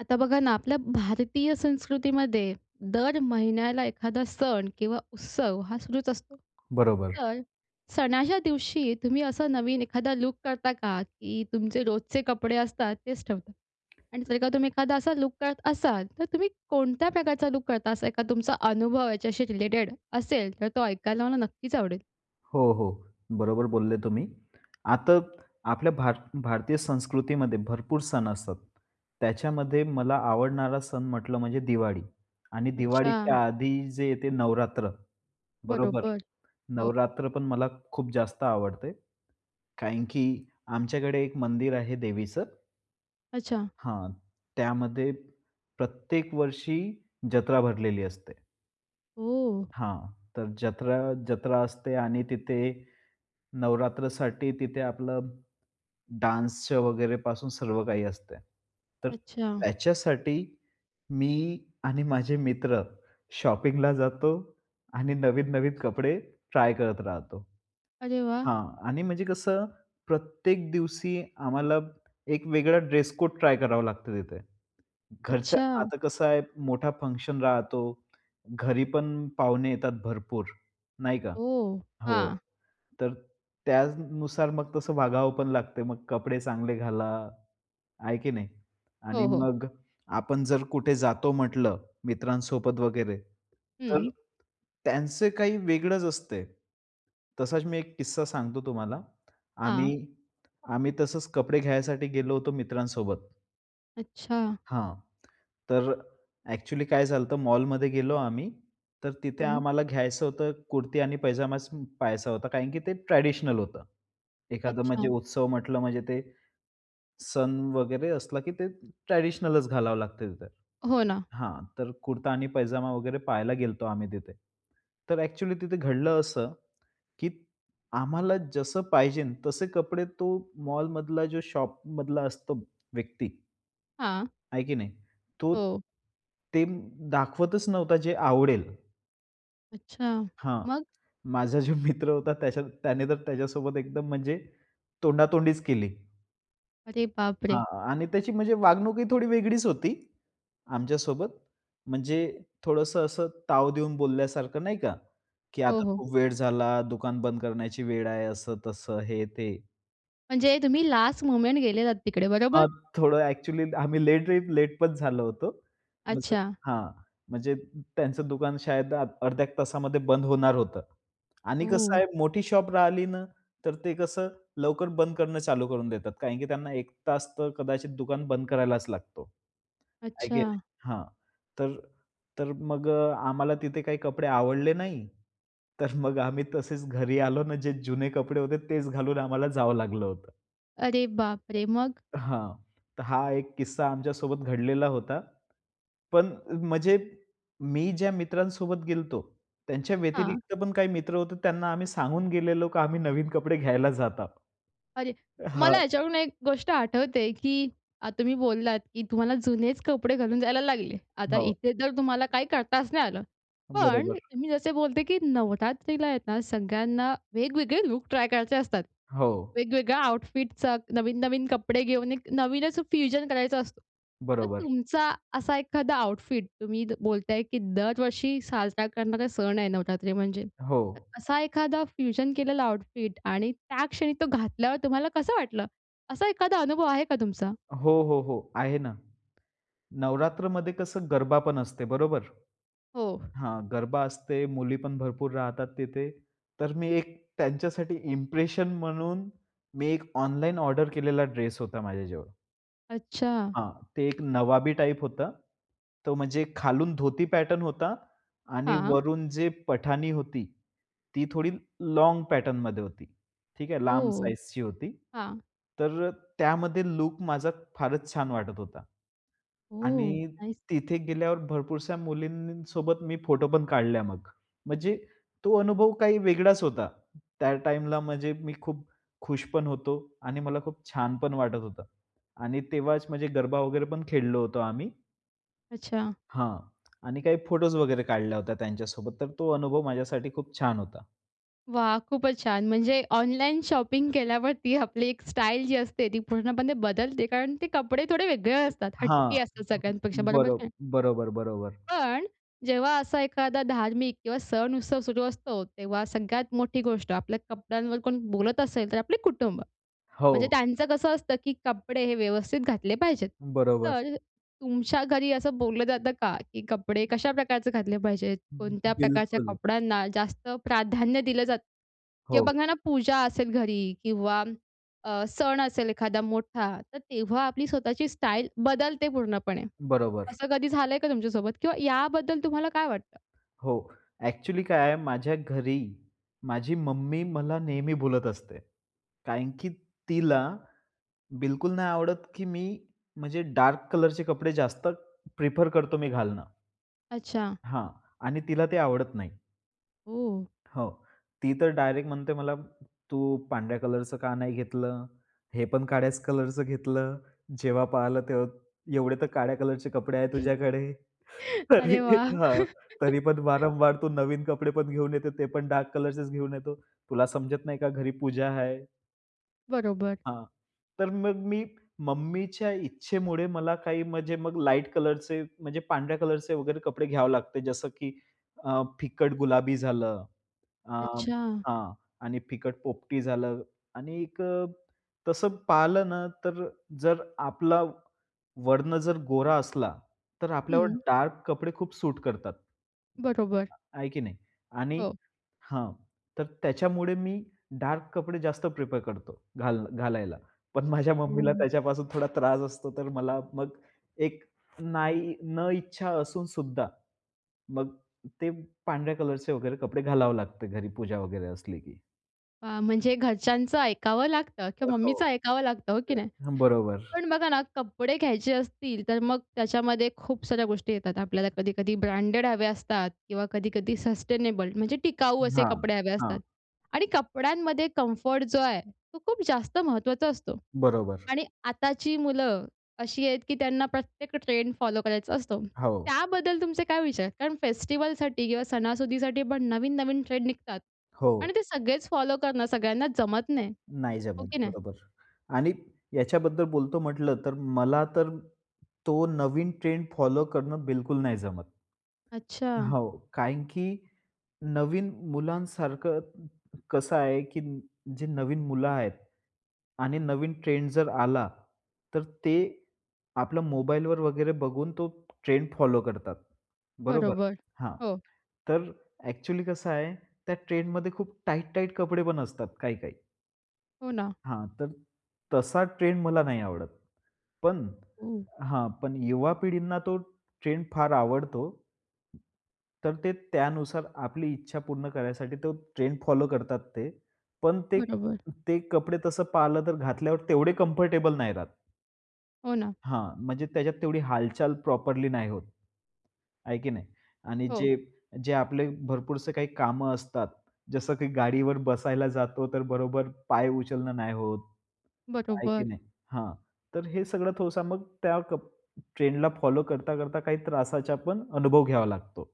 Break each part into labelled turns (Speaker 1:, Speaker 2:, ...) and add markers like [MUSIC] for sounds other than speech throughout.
Speaker 1: आता बघा ना आपल्या भारतीय संस्कृतीमध्ये दर महिन्याला एखादा सण किंवा उत्सव हा सुरूच असतो.
Speaker 2: बरोबर.
Speaker 1: तर सणाच्या दिवशी तुम्ही असा नवीन एखादा लूक करता का, की तुमचे रोजचे कपडे असतात तेच ठेवता? आणि जर का तुम्ही एखादा असा लूक करत असाल तर तुम्ही कोणत्या प्रकारचा लूक करता? असा एखादा तुमचा अनुभव याच्याशी रिलेटेड असेल तर तो ऐकायला मला नक्कीच आवडेल.
Speaker 2: हो, हो. बरोबर बोलले तुम्ही. आता आपल्या भारत, भारतीय संस्कृतीमध्ये भरपूर सण असतात. त्याच्यामध्ये मला आवडणारा सण म्हटलं म्हणजे दिवाळी आणि
Speaker 1: अच्छा.
Speaker 2: दिवाळीच्या आधी जे येते नवरात्र, बरोबर.
Speaker 1: बरोबर. हो.
Speaker 2: नवरात्रपण मला खूप जास्त आवडते कारण की आमच्याकडे एक मंदिर आहे देवीचं
Speaker 1: अच्छा.
Speaker 2: हां. त्यामध्ये प्रत्येक वर्षी जत्रा भरलेली असते.
Speaker 1: हो.
Speaker 2: हां. तर जत्रा, जत्रा असते आणि तिथे नवरात्रसाठी तिथे आपलं डान्सच्या वगैरेपासून सर्व काही असतंय. तर
Speaker 1: अच्छा.
Speaker 2: त्याच्यासाठी मी आणि माझे मित्र शॉपिंगला जातो आणि नवीन, नवीन कपडे ट्राय करत राहतो.
Speaker 1: अरे वाह!
Speaker 2: हां आणि म्हणजे कसं प्रत्येक दिवशी आम्हाला एक वेगळा ड्रेस-कोड ट्राय करावं लागतं तिथे. घरच्या
Speaker 1: अच्छा!
Speaker 2: आता कसं आहे मोठा फंक्शन राहतो. घरीपण पाहुणे येतात भरपूर, नाही का.
Speaker 1: हो.
Speaker 2: हो.
Speaker 1: हां.
Speaker 2: तर त्यानुसार मग तसं वागावंपण लागते. मग कपडे चांगले घाला, आहे की नाही आणि
Speaker 1: हो, हो.
Speaker 2: मग आपण जर कुठे जातो म्हटलं मित्रांसोबत वगैरे तर
Speaker 1: हं.
Speaker 2: त्यांचं काही वेगळंच असतंय. तसाच मी एक किस्सा सांगतो तुम्हाला.
Speaker 1: हां.
Speaker 2: आम्ही, आम्ही तसंच कपडे घ्यायसाठी गेलो होतो मित्रांसोबत.
Speaker 1: अच्छा.
Speaker 2: हां. तर, एक्चुअली काय झालंत मॉलमध्ये गेलो आम्ही. तर तिथे
Speaker 1: हं.
Speaker 2: आम्हाला घ्यायचं होतं कुर्ती आणि पैजामा सम पहायचा होता कारण की, ते ट्रेडिशनल होतं. एखादं म्हणजे
Speaker 1: अच्छा.
Speaker 2: उत्सव म्हटलं म्हणजे ते, सण वगैरे असला, की ते ट्रेडिशनलचं घालावं लागतं तिथं.
Speaker 1: हो ना.
Speaker 2: हां, तर कुर्ता आणि पैजामा वगैरे पहायला गेलतो आम्ही तिथे. तर एक्चुअली तिथे घडलं असं, की आम्हाला जसं पाहिजेनं तसे कपडे तो मॉलमधला जो शॉपमधला असतो व्यक्ती
Speaker 1: हां.
Speaker 2: आहे की नाही? तो
Speaker 1: हो.
Speaker 2: ते दाखवतच नव्हता जे आवडेल.
Speaker 1: अच्छा,
Speaker 2: हां,
Speaker 1: मग.
Speaker 2: माझा जो मित्र होता त्याच्या, त्याने तर त्याच्यासोबत एकदम म्हणजे, तोंडातोंडीच केली.
Speaker 1: अरे बाप रे!
Speaker 2: हां, आणि त्याची म्हणजे वागणूक ही थोडी वेगळीच होती. आमच्या सोबत. म्हणजे, थोडंसं असं, ताव देऊन बोलल्यासारखं नाही का, की
Speaker 1: हो,
Speaker 2: आता
Speaker 1: हो.
Speaker 2: खूप वेळ झाला, दुकान बंद करण्याची वेळ आहे असं-तसं, हे, ते.
Speaker 1: म्हणजे तुम्ही लास्ट मोमेंट गेलेलात तिकडे बरोबर?
Speaker 2: हां, थोडं एक्चुअली आम्ही लेट रेट लेट पण झालो होतो. म्हणजे
Speaker 1: अच्छा.
Speaker 2: हां, म्हणजे अ, त्यांचं दुकान शायद आ अर्ध्या 1 तासामध्ये बंद होणार होतं. आणि कसं
Speaker 1: ओह!
Speaker 2: आहे, मोठी शॉप राहिली ना, तर ते कसं लवकर बंद करणं, चालू करून देतात कारण, की त्यांना एक तास तर कदाचित दुकान बंद करायलाच लागतो. आहे की
Speaker 1: अच्छा.
Speaker 2: नाही. हां, तर, तर मग आम्हाला तिथे काही कपडे आवडले नाही. तर मग आम्ही तसेच घरी आलो ना जे जुने कपडे होते तेच घालून आम्हाला जावं लागलं होतं.
Speaker 1: अरे बाप रे! मग?
Speaker 2: हां, तर हा एक किस्सा आमच्या सोबत घडलेला होता. पण म्हणजे मी ज्या मित्रांसोबत गेलो होतो त्यांच्या
Speaker 1: हां.
Speaker 2: व्यतिरिक्त पण काही मित्र होते त्यांना आम्ही सांगून गेलेलो की आम्ही नवीन कपडे घ्यायला जातात.
Speaker 1: अरे, मला
Speaker 2: हां.
Speaker 1: याच्यावरून एक गोष्ट आठवते की अ, तुम्ही बोललात की तुम्हाला जुनेच कपडे घालून जायला लागले. आता
Speaker 2: हो.
Speaker 1: इथे तर तुम्हाला काही करताच नाही आलं. पण
Speaker 2: बरोबर.
Speaker 1: मी जसे बोलते की नवरात्रीला आहेत ना सगळ्यांना वेगवेगळे लूक ट्राय करायचे असतात.
Speaker 2: हो.
Speaker 1: वेगवेगळ्या आउटफिटचा नवीन-नवीन कपडे घेऊन एक नवीनच फ्युजन करायचा असतो. तर
Speaker 2: बरोबर.
Speaker 1: तुमचा असा एखादा आउटफिट तुम्ही बोलताय की दरवर्षी साजरा करणारे सण आहे नवरात्री म्हणजे. तर
Speaker 2: हो.
Speaker 1: असा एखादा फ्युजन केलेला आऊटफिट आणि त्या क्षणी तो घातल्यावर तुम्हाला कसं वाटलं? असा एखादा अनुभव आहे का तुमचा?
Speaker 2: हो, हो, हो, आहे ना. नवरात्रमध्ये कसं गरबा पण असते बरोबर?
Speaker 1: हो.
Speaker 2: हां, गरबा असते. मुली पण भरपूर राहतात तिथे. तर मी एक त्यांच्यासाठी इम्प्रेशन म्हणून मी एक ऑनलाईन ऑर्डर केलेला ड्रेस होता माझ्याजवळ.
Speaker 1: अच्छा.
Speaker 2: हां, ते एक नवाबी टाइप होतं. तो म्हणजे खालून धोती पॅटर्न होता आणि
Speaker 1: हां.
Speaker 2: वरून जे पठाणी होती, ती थोडी लोंग पॅटर्न मध्ये होती. ठीक आहे लांब
Speaker 1: ओह!
Speaker 2: साइजची होती.
Speaker 1: हां.
Speaker 2: तर अ, त्यामध्ये लुक माझा फारच छान वाटत होता.
Speaker 1: ओह!
Speaker 2: आणि
Speaker 1: नाइस.
Speaker 2: तिथे गेल्यावर भरपूरशा मुलींसोबत मी फोटो पण काढल्या मग. म्हणजे तो अनुभव काही वेगळाच होता. त्या टाईमला म्हणजे मी खूप खुश पण होतो आणि मला खूप छान पण वाटत होतं आणि तेव्हाच म्हणजे गरबा वगैरे पण खेळलो होतो आम्ही.
Speaker 1: अच्छा.
Speaker 2: हां. आणि काही फोटोज वगैरे काढल्या होत्या त्यांच्यासोबत. तर तो अनुभव माझ्यासाठी खूप छान होता.
Speaker 1: वाह! खूपच छान. म्हणजे ऑनलाईन शॉपिंग केल्यावरती आपली एक स्टाइल जी असते, ती पूर्णपणे बदलते कारण ते कपडे थोडे वेगळे असतात,
Speaker 2: हां.
Speaker 1: हटके असतात सगळ्यांपेक्षा बरोबर की
Speaker 2: बरोब
Speaker 1: नाही?
Speaker 2: बरोबर, बरोबर.
Speaker 1: पण जेव्हा असा एखादा धार्मिक किंवा सण उत्सव सुरू असतो, तेव्हा सगळ्यात मोठी गोष्ट आपल्या कपड्यांवर कोण बोलत असेल, तर आपले कुटुंब. म्हणजे
Speaker 2: हो.
Speaker 1: त्यांचं कसं असतं, की कपडे हे व्यवस्थित घातले पाहिजेत.
Speaker 2: बरोबर.
Speaker 1: तर अ, तुमच्या घरी असं बोललं जातं का, की कपडे कशा प्रकारचे घातले पाहिजेत? कोणत्या प्रकारच्या
Speaker 2: बिलकुल.
Speaker 1: कपड्यांना जास्त प्राधान्य दिलं जातं?
Speaker 2: हो.
Speaker 1: किंवा बघा ना, पूजा असेल घरी किंवा अ, सण असेल एखादा मोठा. तर तेव्हा आपली स्वतःची स्टाईल बदलते पूर्णपणे.
Speaker 2: बरोबर.
Speaker 1: असं कधी झालंय का तुमच्यासोबत किंवा याबद्दल तुम्हाला काय वाटतं?
Speaker 2: हो, ॲक्चुअली काय आहे माझ्या घरी, माझी मम्मी मला नेहमी बोलत असते. कारण की तिला, बिलकुल नाही आवडत, की मी म्हणजे डार्क कलरचे कपडे जास्त प्रिफर करतो, मी घालणं.
Speaker 1: अच्छा.
Speaker 2: हां, आणि तीला ते आवडत नाही.
Speaker 1: हो.
Speaker 2: हो, ती तर, डायरेक्ट म्हणते, "मला तू पांढऱ्या कलरचं का नाही घेतलं? हे पण काळ्याच कलरचं घेतलं. जेव्हा पाहिलं तेव्हा, एवढे तर काळ्या कलरचे कपडे आहेत तुझ्याकडे. तरी,
Speaker 1: अरे वाह!
Speaker 2: हां तरी पण,
Speaker 1: [LAUGHS]
Speaker 2: वारंवार तू नवीन कपडे पण घेऊन येतो ते पण डार्क कलरचेच घेऊन येतो. तुला समजत नाही का घरी पूजा आहे."
Speaker 1: बरोबर.
Speaker 2: हां तर, मग मी मम्मीच्या इच्छेमुळे मला काही म्हणजे मग लाईट कलरचे म्हणजे पांढऱ्या कलरचे वगैरे कपडे घ्यावे लागते. जसं की, अ फिकट गुलाबी झालं, आ,
Speaker 1: अच्छा.
Speaker 2: हां. आणि फिकट पोपटी झालं आणि एक अ, तसं पाहिलंना तर जर, आपला वर्ण जर गोरा असला तर, आपल्यावर
Speaker 1: हं.
Speaker 2: डार्क कपडे खूप सूट करतात.
Speaker 1: बरोबर.
Speaker 2: आहे की नाही. आणि
Speaker 1: हो.
Speaker 2: हां तर, त्याच्यामुळे मी डार्क कपडे जास्त प्रेफर करतो घालन घालायला. पण, माझ्या मम्मीला
Speaker 1: हं.
Speaker 2: त्याच्यापासून थोडा त्रास असतो. तर, मला मग एक नाही न इच्छा असूनसुद्धा मग ते पांढऱ्या कलरचे वगैरे कपडे घालावं लागते. घरी पूजा वगैरे असली की.
Speaker 1: आ, म्हणजे घरच्यांचं ऐकावं लागतं किंवा
Speaker 2: हो,
Speaker 1: मम्मीच ऐकावं लागतं, हो की
Speaker 2: हो.
Speaker 1: नाही?
Speaker 2: हं. बरोबर.
Speaker 1: पण बघा ना कपडे घ्यायचे असतील, तर मग त्याच्यामध्ये खूप साऱ्या गोष्टी येतात. आपल्याला कधी-कधी ब्रँडेड हव्या असतात किंवा कधी-कधी सस्टेनेबल म्हणजे टिकाऊ, असे
Speaker 2: हां,
Speaker 1: कपडे हवे
Speaker 2: हां.
Speaker 1: असतात आणि कपड्यांमध्ये कम्फर्ट जो आहे, तो खूप जास्त महत्त्वाचा असतो
Speaker 2: बरोबर.
Speaker 1: आणि आताची मुलं अशी आहेत की त्यांना प्रत्येक ट्रेंड फॉलो करायचा असतो.
Speaker 2: हो.
Speaker 1: त्याबद्दल तुमचे काय विचार? कारण फेस्टिव्हलसाठी किंवा सणासुदीसाठी पण नवीन-नवीन ट्रेंड निघतात
Speaker 2: हो.
Speaker 1: आणि ते सगळेच फॉलो करणं सगळ्यांना जमत नाही.
Speaker 2: नाही
Speaker 1: हो
Speaker 2: जमत.
Speaker 1: की नाही?
Speaker 2: बरोबर. आणि याच्याबद्दल बोलतो म्हटलंतर मला तर तो नवीन ट्रेंड फॉलो करणं बिलकुल नाही जमत.
Speaker 1: अच्छा.
Speaker 2: हो. कारण की नवीन मुलांसारखं कसं आहे की जे नवीन मुलं आहेत आणि नवीन ट्रेंड जर आला, तर ते आपलं मोबाईलवर वगैरे बघून तो ट्रेंड फॉलो करतात, बरोबर?
Speaker 1: बरोबर.
Speaker 2: हां.
Speaker 1: हो.
Speaker 2: तर ॲक्च्युअली कसं आहे, त्या ट्रेंडमध्ये खूप टाइट, टाइट कपडे पण असतात काही काही.
Speaker 1: हो ना.
Speaker 2: हां, तर तसा ट्रेन्ड मला नाही आवडत, पण
Speaker 1: हं.
Speaker 2: हां, पण युवा पिढींना तो ट्रेंड फार आवडतो. तर ते त्यानुसार आपली इच्छा पूर्ण करायसाठी, तो ट्रेंड फॉलो करतात ते. पण ते
Speaker 1: बरोबर.
Speaker 2: ते कपडे, तसं पाहिलं तर घातल्यावर तेवढे कंफर्टेबल नाही राहत.
Speaker 1: हो ना.
Speaker 2: हां, म्हणजे त्याच्यात तेवढी हालचाल प्रॉपरली नाही होत. आहे की नाही? आणि
Speaker 1: हो.
Speaker 2: जे जे आपले भरपूरसे काही कामं असतात, जसं की गाडीवर बसायला जातो, तर बरोबर पाय उचलणं नाही होत. आहे की
Speaker 1: बरोबर.
Speaker 2: नाही? हां तर हे सगळं थोडसं मग त्या कप ट्रेंडला फॉलो करता-करता काही त्रासाचा पण अनुभव घ्यावा लागतो.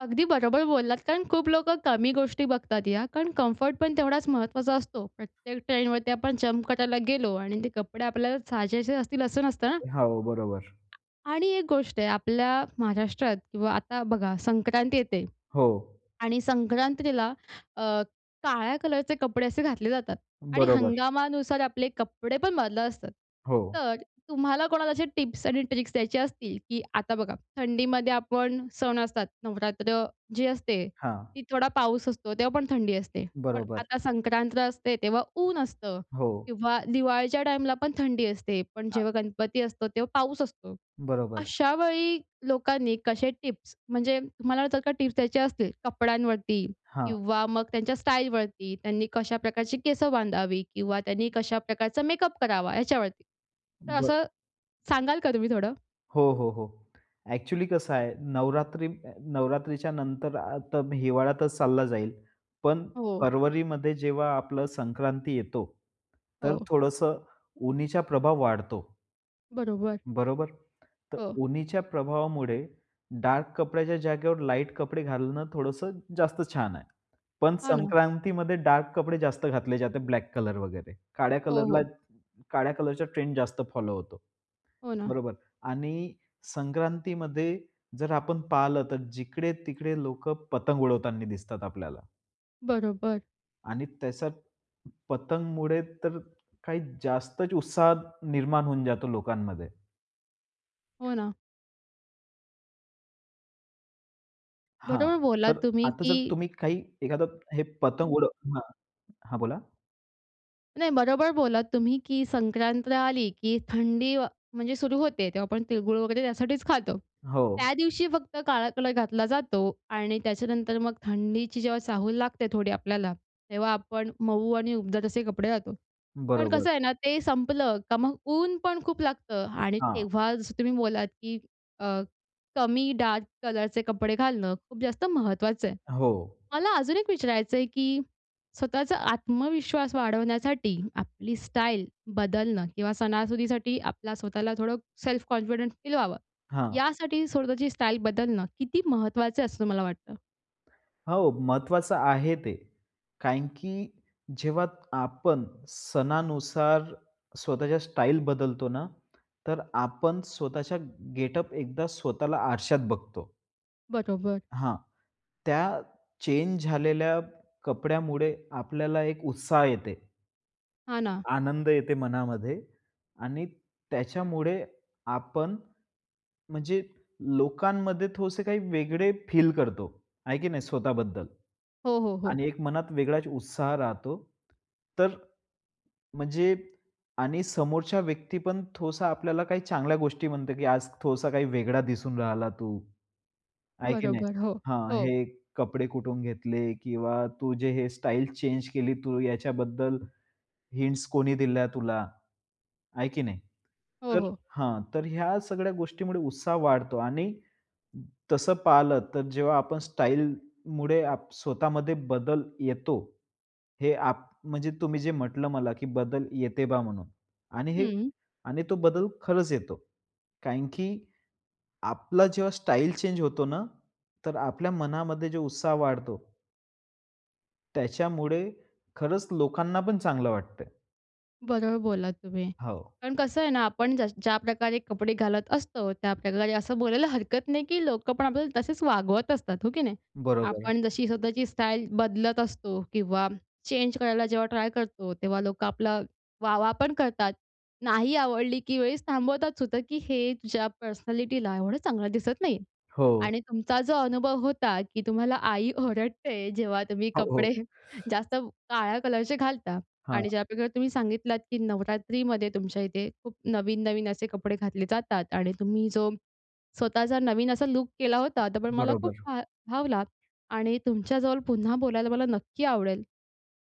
Speaker 1: अगदी बरोबर बोललात. कारण खूप लोकं कमी गोष्टी बघतात या, कारण कम्फर्ट पण तेवढाच महत्त्वाचा असतो प्रत्येक ट्रेनवरती आपण जंप करायला गेलो आणि ते कपडे आपल्याला साजेसे असतील असं नसतं ना.
Speaker 2: अ, हो बरोबर.
Speaker 1: आणि एक गोष्ट आहे, आपल्या महाराष्ट्रात किंवा आता बघा, संक्रांती येते.
Speaker 2: हो.
Speaker 1: आणि संक्रांतीला अ, काळ्या कलरचे कपडे असे घातले जातात. आणि
Speaker 2: बरोबर.
Speaker 1: हंगामानुसार आपले कपडे पण बदलत असतात.
Speaker 2: हो.
Speaker 1: तर तुम्हाला कोणाला असे टिप्स आणि ट्रिक्स द्यायचे असतील, की आता बघा, थंडीमध्ये आपण सण असतात. नवरात्र जी असते,
Speaker 2: हां.
Speaker 1: ती थोडा पाऊस असतो तेव्हापण थंडी असते. पण
Speaker 2: बरोबर.
Speaker 1: आता संक्रांत असते तेव्हा ऊन असतं.
Speaker 2: हो.
Speaker 1: किंवा दिवाळीच्या टाईमला पण थंडी असते. पण
Speaker 2: हां.
Speaker 1: जेव्हा गणपती असतो तेव्हा पाऊस असतो.
Speaker 2: बरोबर.
Speaker 1: अशावेळी लोकांनी कसे टिप्स, म्हणजे तुम्हाला जर का टिप्स द्यायचे असतील, कपड्यांवरती
Speaker 2: हां.
Speaker 1: किंवा मग त्यांच्या स्टाईलवरती, त्यांनी कशा प्रकारची केसं बांधावी किंवा त्यांनी कशा प्रकारचा मेकअप करावा याच्यावरती. तर
Speaker 2: बरं.
Speaker 1: असं सांगाल का तुम्ही थोडं?
Speaker 2: हो, हो, हो, ॲक्च्युअली कसं आहे, नवरात्री नवरात्रीच्या नंतर आता हिवाळ्यातच चालला जाईल, पण
Speaker 1: हो.
Speaker 2: फरवरीमध्ये जेव्हा आपलं संक्रांती येतो तर
Speaker 1: हो.
Speaker 2: थोडंसं उन्हाचा प्रभाव वाढतो.
Speaker 1: बरोबर.
Speaker 2: बरोबर, तर
Speaker 1: हो.
Speaker 2: उन्हाच्या प्रभावामुळे डार्क कपड्याच्या जागेवर लाईट कपडे घालणं थोडंसं जास्त छान आहे. पण
Speaker 1: हां ना.
Speaker 2: संक्रांतीमध्ये डार्क कपडे जास्त घातले जाते. ब्लॅक कलर वगैरे, काळ्या
Speaker 1: हो,
Speaker 2: कलरला
Speaker 1: हो.
Speaker 2: काळ्या कलरचा ट्रेण्ड जास्त फॉलो होतो.
Speaker 1: हो ना.
Speaker 2: बरोबर आणि संक्रांतीमध्ये जर आपण पाहिलं, तर जिकडे-तिकडे लोकं पतंग उडवताना दिसतात आपल्याला.
Speaker 1: बरोबर.
Speaker 2: आणि तशात, पतंगमुळे तर, काही जास्तच उत्साह निर्माण होऊन जातो लोकांमध्ये.
Speaker 1: हो ना.
Speaker 2: हां,
Speaker 1: बरोबर बोललात
Speaker 2: तर
Speaker 1: तुम्ही
Speaker 2: आता जर
Speaker 1: की
Speaker 2: तुम्ही काही एखादा हे पतंग उडव ...हां, हां, बोला.
Speaker 1: नाही बरोबर बोलात तुम्ही, की संक्रांत आली, की थंडी, म्हणजे सुरू होते तेव्हा आपण तिळ-गुळ वगैरे, त्यासाठीच खातो.
Speaker 2: हो.
Speaker 1: त्यादिवशी फक्त काळा कलर घातला जातो. आणि त्याच्यानंतर मग थंडीची जेव्हा चाहूल लागते थोडी आपल्याला, तेव्हा आपण मऊ आणि उबदार तसे कपडे घालतो. पण
Speaker 2: बरोबर.
Speaker 1: कसं आहे ना, ते संपलं का मग ऊनपण खूप लागतं आणि
Speaker 2: हां.
Speaker 1: तेव्हा जसं तुम्ही बोललात, की अ, कमी डार्क कलरचे कपडे घालणं खूप जास्त महत्त्वाचं आहे.
Speaker 2: हो.
Speaker 1: मला अजून एक विचारायचंय, की स्वतःचा आत्मविश्वास वाढवण्यासाठी आपली स्टाईल बदलणं किंवा सणासुदीसाठी आपला स्वतःला थोडं सेल्फ कॉन्फिडेंट फील व्हावं,
Speaker 2: हां.
Speaker 1: यासाठी स्वतःची स्टाईल बदलणं किती महत्त्वाचं असं तुम्हाला वाटतं?
Speaker 2: हो, महत्त्वाचं आहे ते. कारण की जेव्हा आपण सणानुसार स्वतःच्या स्टाईल बदलतो ना, तर आपण स्वतःच्या गेटअप, एकदा स्वतःला आरशात बघतो.
Speaker 1: बरोबर.
Speaker 2: हां. त्या चेंज झालेल्या कपड्यामुळे आपल्याला एक उत्साह येते.
Speaker 1: हां ना.
Speaker 2: आनंद येते मनामध्ये. आणि त्याच्यामुळे आपण, म्हणजे लोकांमध्ये थोडसे काही वेगळे फील करतो, आहे की नाही स्वतः बद्दल?
Speaker 1: हो, हो, हो.
Speaker 2: आणि एक मनात वेगळाच उत्साह राहतो तर म्हणजे आणि समोरच्या व्यक्ती पण थोडासा आपल्याला काही चांगल्या गोष्टी म्हणते की आज थोडसा काही वेगळा दिसून राहिला तू. आहे की नाही
Speaker 1: बरोबर. हो.
Speaker 2: हां,
Speaker 1: हो.
Speaker 2: हे कपडे कुठून घेतले? किंवा तू जे हे स्टाईल चेंज केली तू याच्याबद्दल हिंट्स कोणी दिल्या तुला? आहे की नाही?
Speaker 1: हो,
Speaker 2: तर
Speaker 1: हो.
Speaker 2: हां, तर ह्या सगळ्या गोष्टीमुळे उत्साह वाढतो. आणि तसं पहिल तर जेव्हा आपण स्टाईलमुळे आप स्वतःमध्ये बदल येतो. हे आप म्हणजे तुम्ही जे म्हटलं मला, की बदल येते बा म्हणून आणि हे
Speaker 1: हं.
Speaker 2: आणि तो बदल खरंच येतो. कारण की आपला जेव्हा स्टाईल चेंज होतो ना, तर आपल्या मनामध्ये जो उत्साह वाढतो त्याच्यामुळे खरचं लोकांना पण चांगलं वाटतंय.
Speaker 1: बरोबर बोललात तुम्ही.
Speaker 2: हो.
Speaker 1: पण कसं आहे ना, आपण ज ज्या प्रकारे कपडे घालत असतो, त्याप्रकारे असं बोलायला हरकत नाही, की लोकं पण आपल्याला तसेचं वागवत असतात. हो की नाही?
Speaker 2: बरोबर.
Speaker 1: आपण जशी स्वतःची स्टाईल बदलत असतो किंवा चेंज करायला जेव्हा ट्राय करतो. तेव्हा लोकं आपला वाह-वाह पण करतात. नाही आवडली, की वेळेस थांबवतात सुद्धा, की हे तुझ्या पर्सनॅलिटीला एवढं चांगलं दिसत नाही.
Speaker 2: हो.
Speaker 1: आणि तुमचा जो अनुभव होता, की तुम्हाला आई ओरडते, जेव्हा तुम्ही
Speaker 2: हो, हो.
Speaker 1: कपडे जास्त काळ्या कलरचे घालता
Speaker 2: हां.
Speaker 1: आणि ज्याप्रकारे तुम्ही सांगितलात, की नवरात्रीमध्ये तुमच्या इथे खूप नवीन-नवीन असे कपडे घातले जातात आणि तुम्ही जो स्वतःचा नवीन असा लूक केला होता, तर पण मला खूप
Speaker 2: बरोबर.
Speaker 1: भा भावला आणि तुमच्याजवळ पुन्हा बोलायला मला नक्की आवडेल.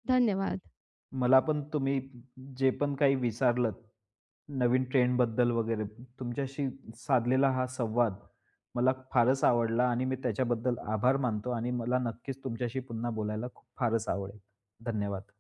Speaker 1: धन्यवाद.
Speaker 2: मला पण तुम्ही जे पण काही विचारलत नवीन ट्रेंड बद्दल वगैरे तुमच्याशी साधलेला हा संवाद मला फारचं आवडला. आणि मी त्याच्याबद्दल आभार मानतो आणि मला नक्कीचं तुमच्याशी पुन्हा बोलायला खूप फारचं आवडेल. धन्यवाद.